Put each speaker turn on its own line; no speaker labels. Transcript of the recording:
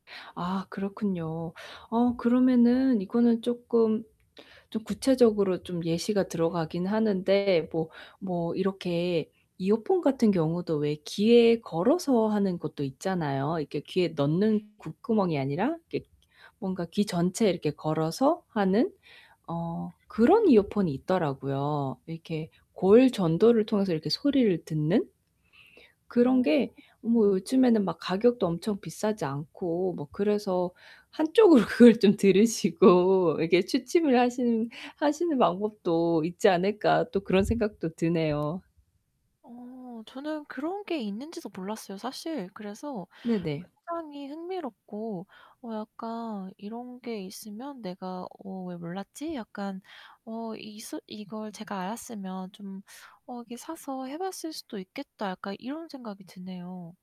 아, 그렇군요. 어 그러면은 이거는 쪼끔 좀 구체적으로 좀 예시가 들어가긴 하는데, 뭐 뭐 이렇게 이어폰 같은 경우도 왜 귀에 걸어서 하는 것도 있잖아요. 이렇게 귀에 넣는 귓구멍 이 아니라 그 뭔가 귀 전체에 이렇게 걸어서 하는 어 그런
음.
이어폰이 있더라고요. 이렇게 골 전도를 통해서 이렇게 소리를 듣는. 그런
아.
게 어 뭐 요즘에는 막 가격도 엄청 비싸지 않고 뭐 그래서 한쪽으로 그걸 좀 들으시고 이렇게 취침을 하시는 하시는 방법도 있지 않을까 또 그런 생각도 드네요.
어 저는 그런 게 있는지도 몰랐어요. 사실. 그래서
네네.
굉장히 흥미롭고 어 약간 이런 게 있으면 '내가 어 왜 몰랐지?' 약간 어 이스 이걸 제가 알았으면 좀 '어 이렇게 사서 해 봤을 수도 있겠다.' 약간 이런 생각이 드네요.